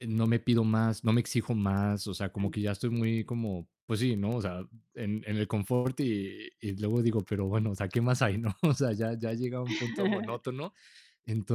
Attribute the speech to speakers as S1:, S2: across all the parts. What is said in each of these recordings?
S1: No me pido más, no me exijo más, o sea, como
S2: Ujú.
S1: que ya estoy muy como pues sí, ¿no?, o sea, en en el confort y y luego digo: "Pero bueno, o sea, ¿qué más hay, no?", o sea, ya ya llega un punto monótono,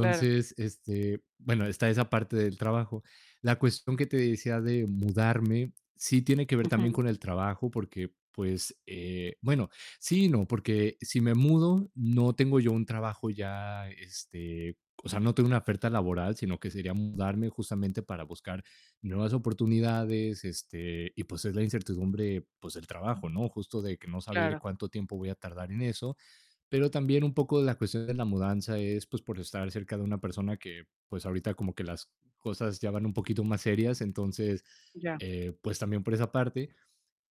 S2: Claro.
S1: este, bueno, está esa parte del trabajo. La cuestión que te decía de mudarme sí tiene que ver también
S2: Ujú.
S1: con el trabajo, porque pues, eh bueno, sí y no, porque si me mudo no tengo yo un trabajo ya, este o sea, no tengo una oferta laboral, sino que sería mudarme justamente para buscar nuevas oportunidades, este, y, pues, es la incertidumbre, pues del trabajo, ¿no?, justo de que no saber
S2: Claro.
S1: cuánto tiempo voy a tardar en eso, pero también un poco la cuestión de la mudanza es, pues, por estar cerca de una persona que, pues, ahorita como que las cosas ya van un poquito más serias, entonces,
S2: Ya.
S1: eh, pues también por esa parte,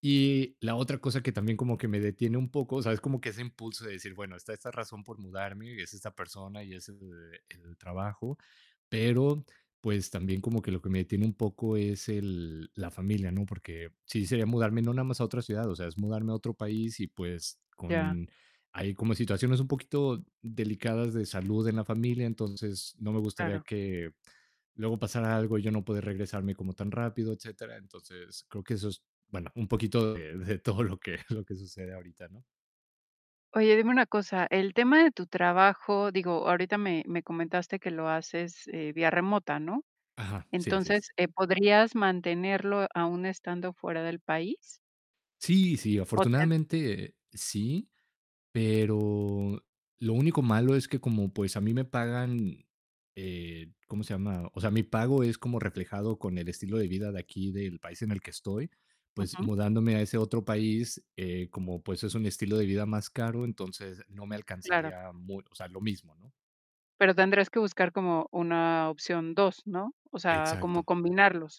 S1: y la otra cosa que también como que me detiene un poco, o sea, es como que ese impulso de decir: "Bueno, está esta razón por mudarme y es esta persona y es el el trabajo", pero, pues, también como que lo que me detiene un poco es el la familia, ¿no?, porque sí sería mudarme no nada más a otra ciudad, o sea, es mudarme a otro país y, pues,
S2: Ya.
S1: con hay como situaciones un poquito delicadas de salud en la familia, entonces, no me gustaría
S2: Claro.
S1: que luego pasara algo y yo no poder regresarme como tan rápido, etcétera, entonces, creo que eso es bueno, un poquito de de todo lo que lo que sucede ahorita, ¿no?
S2: Oye, dime una cosa, el tema de tu trabajo, digo, ahorita me me comentaste que lo haces, eh, vía remota, ¿no?,
S1: Ajá, sí, así es.
S2: entonces, eh, ¿podrías mantenerlo aun estando fuera del país?
S1: Sí, sí,
S2: O te
S1: afortunadamente sí, pero lo único malo es que como, pues, a mí me pagan, eh, ¿cómo se llama?, o sea, mi pago es como reflejado con el estilo de vida de aquí, del país en el que estoy, pues
S2: Ujú.
S1: mudándome a ese otro país, eh, como, pues, es un estilo de vida más caro, entonces no me
S2: Claro.
S1: alcanzaría mu o sea, lo mismo, ¿no?
S2: Pero tendrías que buscar como una opción 2, ¿no?, o sea, como
S1: Exacto.
S2: combinarlos.